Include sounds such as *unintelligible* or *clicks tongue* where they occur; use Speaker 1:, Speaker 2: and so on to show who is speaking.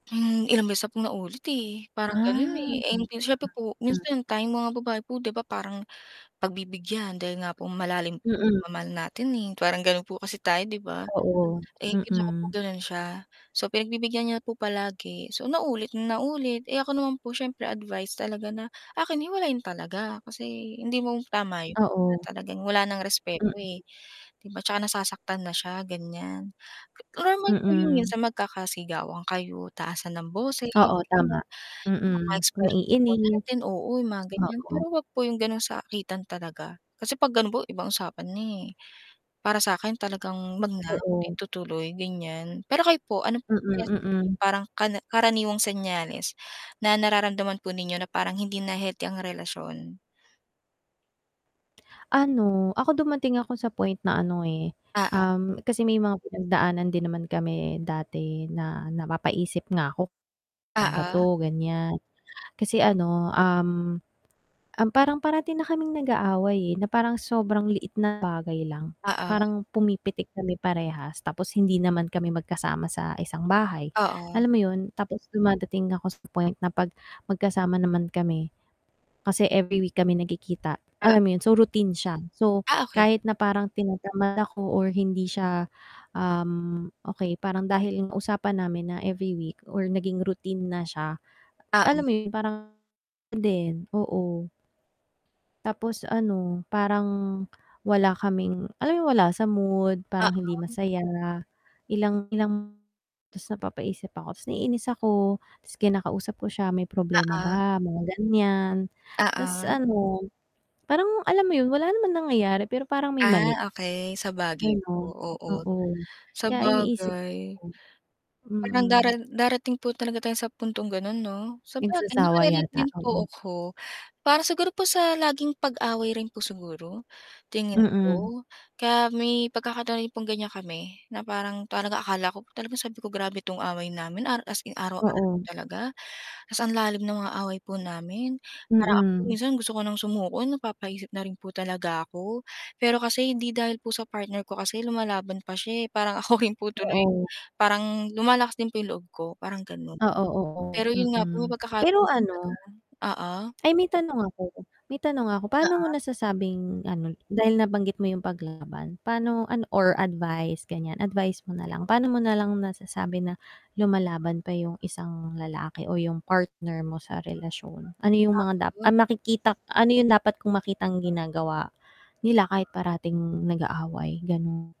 Speaker 1: Hmm, ilang beses na 'tong naulit eh, parang ganun,
Speaker 2: Ah.
Speaker 1: eh 'di siyempre po
Speaker 2: *unintelligible*
Speaker 1: minsan tayong mga babae po 'di ba parang pagbibigyan dahil nga po malalim po 'yung
Speaker 2: Mhm.
Speaker 1: pagmamahal natin, eh, parang gano'n po kasi tayo 'di ba.
Speaker 2: Oo,
Speaker 1: Eh, pinsan ko po
Speaker 2: mm.
Speaker 1: gano'n siya, so pinagbibigyan niya po palagi, so naulit na naulit, eh, ako naman po siyempre advice talaga na akin hiwalayan talaga kasi hindi mo tama 'yun na
Speaker 2: Oo.
Speaker 1: talagang wala ng
Speaker 2: Hmm.
Speaker 1: respeto, eh. 'Di ba 'tsaka nasasaktan na siya ganiyan. Normal po 'yung 'yun
Speaker 2: Mm.
Speaker 1: sa magkakasigawan kayo, taasan ng boses
Speaker 2: *clicks tongue* Oo,
Speaker 1: ganiyan,
Speaker 2: tama.
Speaker 1: mga
Speaker 2: Mm,
Speaker 1: expressions po
Speaker 2: naiinis.
Speaker 1: natin, oo 'yung mga ganiyan pero
Speaker 2: Oo.
Speaker 1: huwag po 'yung gano'ng sakitan talaga, kasi 'pag gano'n po ibang usapan na, eh. Para sa'kin talagang huwag na, na
Speaker 2: Oo.
Speaker 1: itutuloy ganiyan. Pero kayo po, ano po
Speaker 2: Mm,
Speaker 1: kaya sa tingin niyo
Speaker 2: mm.
Speaker 1: parang kara karaniwang senyales na nararamdaman po ninyo na parang hindi na healthy ang relasyon?
Speaker 2: Ano, ako dumating ako sa point na ano, eh,
Speaker 1: Oo.
Speaker 2: um, kasi may mga pinagdaanan din naman kami dati na napapa-isip nga ako ano 'ba
Speaker 1: Oo.
Speaker 2: to ganiyan, kasi ano, um um, parang parati na kaming nag-aaway, eh, na parang sobrang liit na bagay lang
Speaker 1: Oo.
Speaker 2: parang pumipitik kami parehas tapos hindi naman kami magkasama sa isang bahay,
Speaker 1: Oo.
Speaker 2: alam mo 'yun tapos dumadating ako sa point na 'pag magkasama naman kami, kasi every week kami nagkikita,
Speaker 1: Ah.
Speaker 2: alam mo 'yon, so routine siya. So
Speaker 1: Ah okey.
Speaker 2: kahit na parang tinatamad ako or hindi siya, um, okey parang dahil 'yung usapan namin na every week or naging routine na siya,
Speaker 1: Ah, hmm.
Speaker 2: alam mo 'yun parang din oo. Tapos ano parang wala kaming, alam mo 'yung wala sa mood, parang hindi
Speaker 1: Oo.
Speaker 2: masaya, ilang ilang ta's napapaisip ako, ta's naiinis ako, ta's kinakausap ko siya, "may problema
Speaker 1: Oo.
Speaker 2: ba?" mga ganiyan. Ta's
Speaker 1: Oo.
Speaker 2: ano, parang alam mo 'yun wala naman nangyayari pero parang may mali,
Speaker 1: Ah, okey sabagay po,
Speaker 2: ganun,
Speaker 1: oo
Speaker 2: oo. Kaya iniisip
Speaker 1: sabagay.
Speaker 2: ko
Speaker 1: Parang dara
Speaker 2: mm.
Speaker 1: darating po talaga tayo sa puntong gano'n 'no? Sabagay
Speaker 2: Nagsasawa
Speaker 1: naka-relate
Speaker 2: yata,
Speaker 1: din po
Speaker 2: oo.
Speaker 1: ako. Para siguro po sa laging pag-away rin po siguro, tingin
Speaker 2: Mm.
Speaker 1: ko, kaya may pagkakataoy' pong ganiyan kami, na parang parang akala ko po talaga sabi ko grabe 'tong away namin, araw as in araw-araw
Speaker 2: Oo.
Speaker 1: talaga, ta's ang lalim ng mga away po namin, parang ako
Speaker 2: Mm.
Speaker 1: minsan gusto ko ng sumuko napapa-isip na rin po talaga ako. Pero kasi hindi dahil po sa partner ko kasi lumalaban pa siya, eh, parang ako rin po tuloy
Speaker 2: Oo.
Speaker 1: parang lumalakas din po 'yung loob ko, parang gano'n.
Speaker 2: Oo, oo,
Speaker 1: Pero 'yun nga po may
Speaker 2: mm. Pero
Speaker 1: pagkakataon talaga
Speaker 2: ano
Speaker 1: oo.
Speaker 2: ay may tanong ako may tanong ako. Paano mo
Speaker 1: Oo.
Speaker 2: nasasabing ano dahil nabanggit mo 'yung paglaban paano ano or advice, ganiyan advice mo na lang. Paano mo na lang nasasabi na lumalaban pa 'yung isang lalaki o 'yung partner mo sa relasyon? Ano 'yung
Speaker 1: Oo,
Speaker 2: mga da
Speaker 1: 'yun.
Speaker 2: ay makikita ano 'yung dapat kong makitang ginagawa nila kahit parating nag-aaway, ganun.